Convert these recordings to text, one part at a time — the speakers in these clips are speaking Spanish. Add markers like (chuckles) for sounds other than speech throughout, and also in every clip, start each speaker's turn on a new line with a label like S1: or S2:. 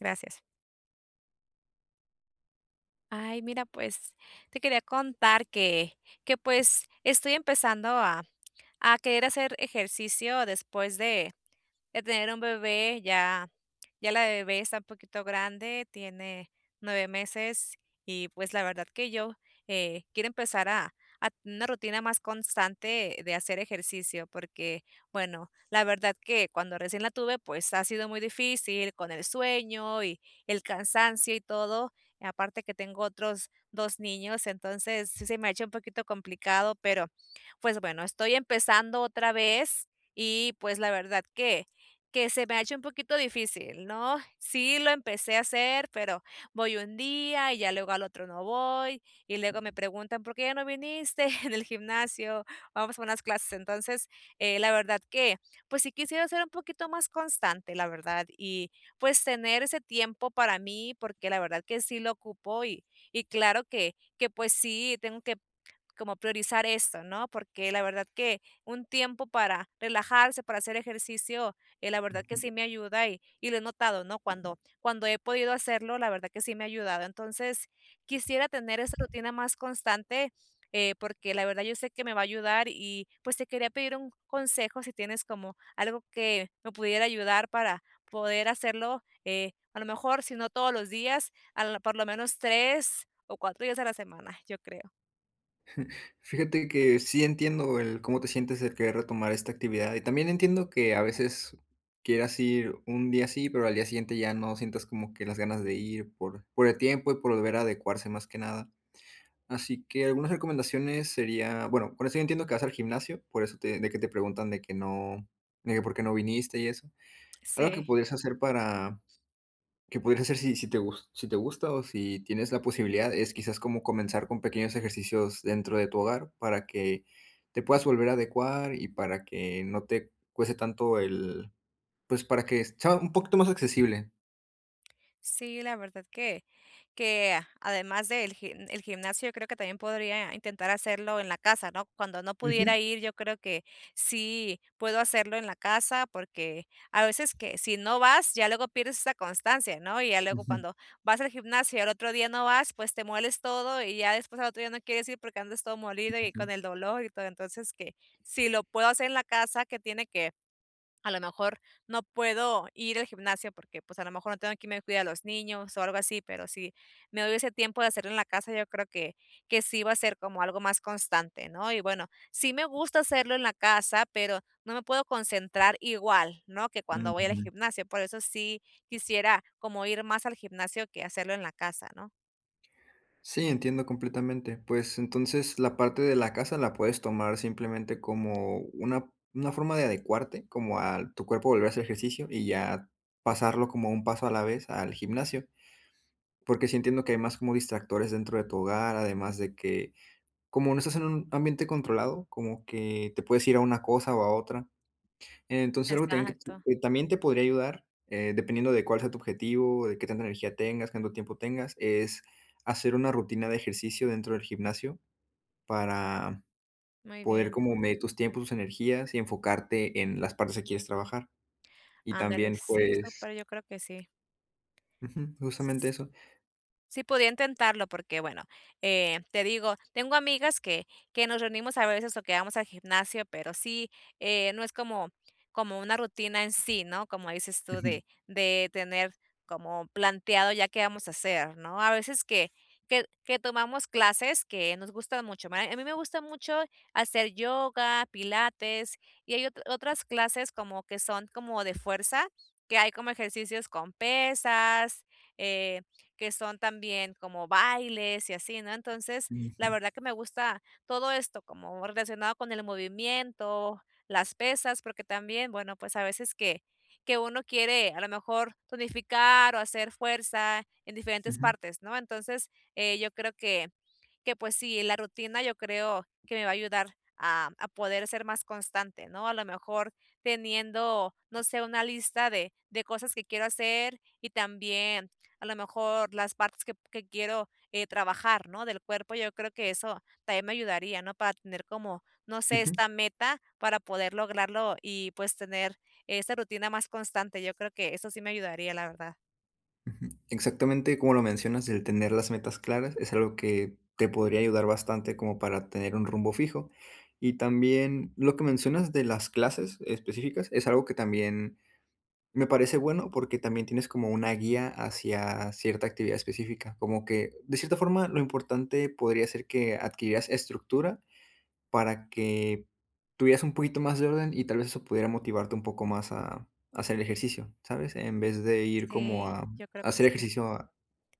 S1: Gracias. Ay, mira, pues te quería contar que que pues estoy empezando a a querer hacer ejercicio después de de tener un bebé. Ya ya la bebé está un poquito grande, tiene 9 meses, y pues la verdad que yo, eh, quiero empezar a a tener una rutina más constante de hacer ejercicio, porque, bueno, la verdad que cuando recién la tuve, pues, ha sido muy difícil con el sueño y el cansancio y todo, aparte que tengo otros 2 niños. Entonces, sí se me ha hecho un poquito complicado, pero pues, bueno, estoy empezando otra vez, y pues la verdad que que se me ha hecho un poquito difícil, ¿no? Sí, lo empecé a hacer, pero voy 1 día y ya luego al otro no voy, y luego me preguntan: "¿Por qué ya no viniste?". (chuckles) En el gimnasio vamos a unas clases, entonces, eh, la verdad que pues sí quisiera ser un poquito más constante, la verdad, y pues tener ese tiempo para mí, porque la verdad que sí lo ocupo, y y, claro que que pues sí, tengo que, como, priorizar esto, ¿no? Porque la verdad que un tiempo para relajarse, para hacer ejercicio, eh, la verdad que
S2: Ujú.
S1: sí me ayuda, y y lo he notado, ¿no? Cuando cuando he podido hacerlo, la verdad que sí me ha ayudado. Entonces, quisiera tener esa rutina más constante, eh, porque la verdad yo sé que me va a ayudar, y pues te quería pedir un consejo, si tienes como algo que me pudiera ayudar para poder hacerlo, eh, a lo mejor, si no todos los días, al por lo menos 3 o 4 días a la semana, yo creo.
S2: (chuckles) Fíjate que sí entiendo el cómo te sientes el querer retomar esta actividad y también entiendo que a veces quieras ir un día sí, pero al día siguiente ya no sientas como que las ganas de ir, por por el tiempo y por volver a adecuarse más que nada. Así que algunas recomendaciones sería, bueno, por eso yo entiendo que vas al gimnasio, por eso te de que te preguntan de que no, de que: "¿Por qué no viniste?", y eso. Algo que
S1: Sí.
S2: podrías hacer para que podrías hacer si, si te gus si te gusta o si tienes la posibilidad es quizás como comenzar con pequeños ejercicios dentro de tu hogar, para que te puedas volver a adecuar y para que no te cueste tanto el pues para que sea un poquito más accesible.
S1: Sí, la verdad que que a además del gimn el gimnasio yo creo que también podría intentar hacerlo en la casa, ¿no? Cuando no
S2: Ujú.
S1: pudiera ir yo creo que sí puedo hacerlo en la casa, porque a veces que si no vas ya luego pierdes esa constancia, ¿no? Y ya luego
S2: Ujú.
S1: cuando vas al gimnasio y al otro día no vas, pues te mueles todo y ya después al otro día no quieres ir, porque andas todo molido y
S2: Ujú.
S1: con el dolor y todo. Entonces que si lo puedo hacer en la casa que tiene que, a lo mejor no puedo ir al gimnasio, porque pues a lo mejor no tengo quien me cuide a los niños o algo así, pero si me doy ese tiempo de hacerlo en la casa yo creo que que sí va a ser como algo más constante, ¿no? Y bueno, sí me gusta hacerlo en la casa, pero no me puedo concentrar igual, ¿no? Que cuando voy al
S2: Ujú.
S1: gimnasio, por eso sí quisiera como ir más al gimnasio que hacerlo en la casa, ¿no?
S2: Sí, entiendo completamente. Pues, entonces la parte de la casa la puedes tomar simplemente como una, ¿una forma de adecuarte?, como a tu cuerpo volver a hacer ejercicio y ya, pasarlo como un paso a la vez al gimnasio. Porque sí entiendo que hay más como distractores dentro de tu hogar, además de que, como no estás en un ambiente controlado, como que te puedes ir a una cosa o a otra. Entonces, algo que también
S1: Exacto.
S2: que también te podría ayudar, eh, dependiendo de cuál sea tu objetivo, de qué tanta energía tengas, cuánto tiempo tengas es, hacer una rutina de ejercicio dentro del gimnasio, para,
S1: Muy
S2: poder
S1: bien.
S2: como medir tus tiempos, tus energías y enfocarte en las partes que quieres trabajar. Y
S1: Ándale,
S2: también,
S1: sí,
S2: pues
S1: súper, yo creo que sí.
S2: Ujú. Justamente
S1: S
S2: eso.
S1: sí podría intentarlo porque bueno, eh, te digo, tengo amigas que que nos reunimos a veces o que vamos al gimnasio, pero sí, eh, no es como como una rutina en sí, ¿no?, como dices tú
S2: Ujú.
S1: de de tener como planteado ya qué vamos a hacer, ¿no?, a veces que que que tomamos clases que nos gustan mucho. (unintelligible) a mí me gusta mucho hacer yoga, pilates y hay otr otras clases como que son como de fuerza, que hay como ejercicios con pesas, eh, que son también como bailes y así, ¿no?, entonces, la
S2: Ujú.
S1: verdad que me gusta todo esto como relacionado con el movimiento, las pesas, porque también bueno, pues a veces que que uno quiere a lo mejor tonificar o hacer fuerza en diferentes
S2: Ujú.
S1: partes, ¿no?, entonces, eh, yo creo que que pues sí, la rutina yo creo que me va a ayudar a a poder ser más constante, ¿no?, a lo mejor teniendo, no sé, una lista de de cosas que quiero hacer y también, a lo mejor las partes que que quiero, eh, trabajar, ¿no?, del cuerpo. Yo creo que eso también me ayudaría, ¿no?, para tener como, no sé,
S2: Ujú.
S1: esta meta para poder lograrlo y pues tener esa rutina más constante. Yo creo que eso sí me ayudaría, la verdad.
S2: Ujú. Exactamente como lo mencionas, el tener las metas claras es algo que, te podría ayudar bastante como para tener un rumbo fijo. Y también, lo que mencionas de las clases específicas es algo que también me parece bueno, porque también tienes como una guía hacia cierta actividad específica, como que, de cierta forma, lo importante podría ser que adquirieras estructura para que, tuvieras un poquito más de orden. y tal vez eso pudiera motivarte un poco más a a hacer ejercicio, ¿sabes?, en vez de ir como
S1: Sí,
S2: a
S1: yo creo
S2: a
S1: que
S2: hacer
S1: sí.
S2: ejercicio a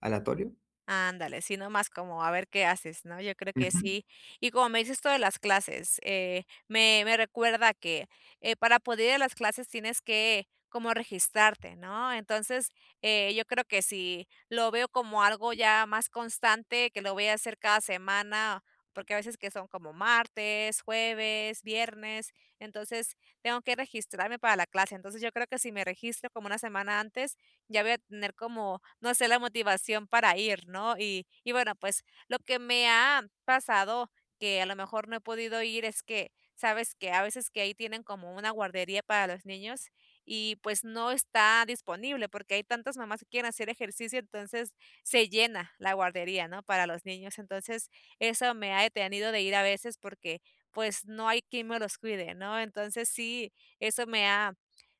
S2: ¿aleatorio?
S1: Ándale, si no más como a ver qué haces, ¿no? Yo creo que
S2: Ujú.
S1: sí. Y como me dices esto de las clases, eh, me me recuerda que eh para poder ir a las clases tienes que como registrarte, ¿no? Entonces, eh, yo creo que si lo veo como algo ya más constante que lo voy a hacer cada semana, porque a veces que son como martes, jueves, viernes, entonces tengo que registrarme para la clase. Entonces yo creo que si me registro como una semana antes ya voy a tener como, no sé, la motivación para ir, ¿no? Y y bueno, pues lo que me ha pasado que a lo mejor no he podido ir es que sabes que a veces que ahí tienen como una guardería para los niños y pues no está disponible porque hay tantas mamás que quieren hacer ejercicio. Entonces se llena la guardería, ¿no?, para los niños. Entonces eso me ha detenido de ir a veces porque pues no hay quien me los cuide, ¿no? Entonces sí, eso me ha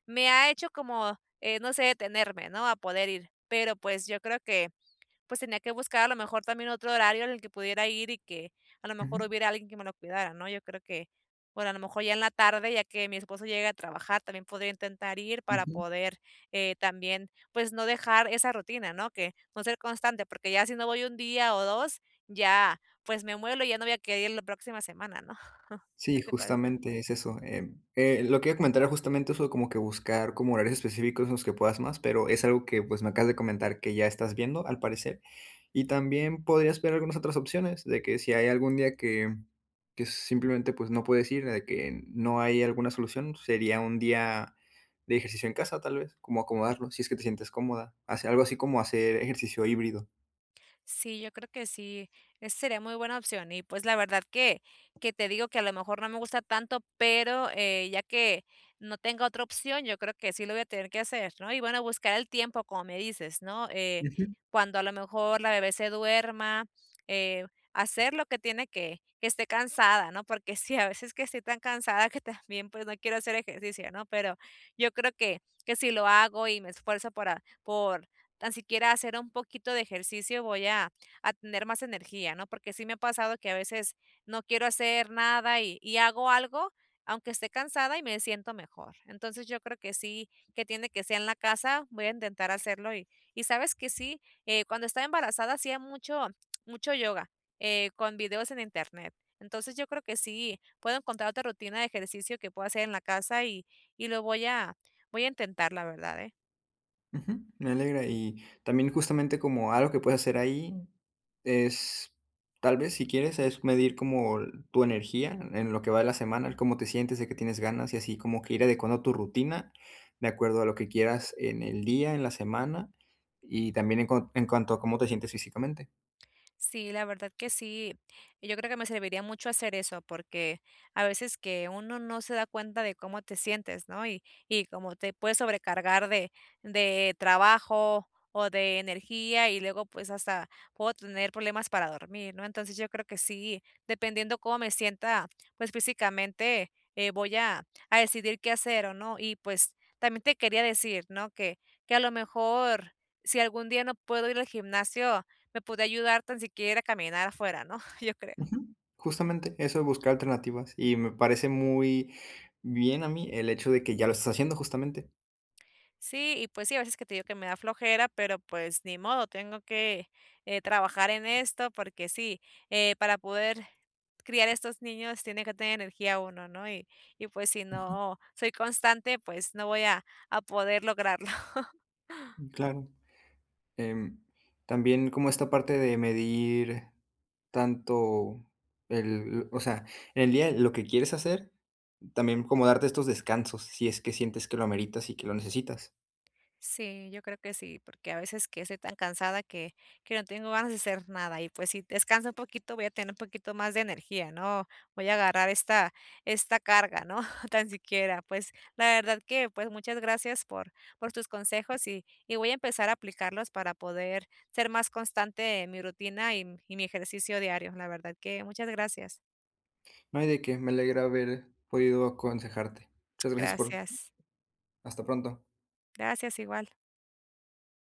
S1: me ha hecho como, eh, no sé, detenerme, ¿no?, a poder ir, pero pues yo creo que, pues tenía que buscar a lo mejor también otro horario en el que pudiera ir y que a lo mejor
S2: Ujú.
S1: hubiera alguien que me lo cuidara, ¿no? Yo creo que, bueno, a lo mejor ya en la tarde, ya que mi esposo llegue a trabajar también podría intentar ir para
S2: Ujú.
S1: poder, eh, también, pues no dejar esa rutina, ¿no? Que con ser constante, porque ya si no voy un día o dos, ya, pues me muelo y ya no voy a querer ir la próxima semana, ¿no? (chuckles) ¿Qué
S2: Sí,
S1: te parece?
S2: justamente es eso. Eh, eh, lo que yo comentaba era justamente eso como que buscar como horarios específicos en los que puedas más, pero es algo que pues me acabas de comentar que ya estás viendo al parecer. Y también podrías ver algunas otras opciones de que si hay algún día que que si simplemente pues no puedes ir de que, no hay alguna solución sería un día de ejercicio en casa, tal vez como acomodarlo. Si es que te sientes cómoda. Hacer algo así como hacer ejercicio híbrido.
S1: Sí, yo creo que sí, esa sería muy buena opción y, pues, la verdad que que te digo que a lo mejor no me gusta tanto, pero, eh, ya que, no tengo otra opción, yo creo que sí lo voy a tener que hacer, ¿no?, y bueno, buscar el tiempo, como me dices, ¿no?, eh,
S2: Ujú.
S1: cuando a lo mejor la bebé se duerma, eh, hacer lo que tiene que que esté cansada, ¿no?, porque sí a veces que estoy tan cansada que también, pues, no quiero hacer ejercicio, ¿no?, pero, yo creo que que si lo hago y me esfuerzo por, a por tan siquiera hacer un poquito de ejercicio, voy a a tener más energía, ¿no?, porque sí me ha pasado que a veces no quiero hacer nada y y hago algo, aunque esté cansada y me siento mejor, entonces yo creo que sí, que tiene que sea en la casa, voy a intentar hacerlo y y sabes que sí, eh, cuando estaba embarazada hacía mucho mucho yoga, eh, con videos en internet, entonces yo creo que sí puedo encontrar otra rutina de ejercicio que puedo hacer en la casa y y lo voy a voy a intentar la verdad, eh.
S2: Ujú, me alegra, y, también justamente como algo que puedes hacer ahí es, tal vez si quieres, es medir como tu energía en lo que va de la semana, ¿cómo te sientes?, ¿de qué tienes ganas?, y así como que ir adecuando tu rutina de acuerdo a lo que quieras en el día, en la semana y también en cuan en cuanto a cómo te sientes físicamente.
S1: Sí, la verdad que sí. Yo creo que me serviría mucho hacer eso porque a veces que uno no se da cuenta de cómo te sientes, ¿no? Y y, como te puedes sobrecargar de de trabajo o de energía, y luego, pues, hasta puedo tener problemas para dormir, ¿no? Entonces, yo creo que sí, dependiendo cómo me sienta, pues, físicamente, eh, voy a a decidir qué hacer o ¿no? Y pues, también te quería decir, ¿no?, que que a lo mejor, si algún día no puedo ir al gimnasio, me podía ayudar tan siquiera ir a caminar afuera, ¿no?, (chuckles) yo creo.
S2: Ujú. Justamente, eso de buscar alternativas y me parece muy bien a mí el hecho de que ya lo estás haciendo, justamente.
S1: Sí, y pues sí, a veces que te digo que me da flojera, pero pues ni modo, tengo que, eh, trabajar en esto porque sí, eh, para poder criar a estos niños tiene que tener energía uno, ¿no? Y y pues si
S2: Ujú.
S1: no soy constante, pues no voy a a poder lograrlo. (chuckles)
S2: Mm, claro, em, también como esta parte de medir tanto el o sea, en el día lo que quieres hacer, también como darte estos descansos, si es que sientes que lo ameritas y que lo necesitas.
S1: Sí, yo creo que sí, porque a veces que estoy tan cansada que que no tengo ganas de hacer nada y, pues, si descanso un poquito, voy a tener un poquito más de energía, ¿no? Voy a agarrar esta esta carga, ¿no?, tan siquiera. Pues la verdad que, pues, muchas gracias por por tus consejos, y y voy a empezar a aplicarlos para poder ser más constante en mi rutina y m y mi ejercicio diario, la verdad que muchas gracias.
S2: No hay de qué. Me alegra haber podido aconsejarte. Muchas gracias por
S1: Gracias.
S2: Hasta pronto.
S1: Gracias igual.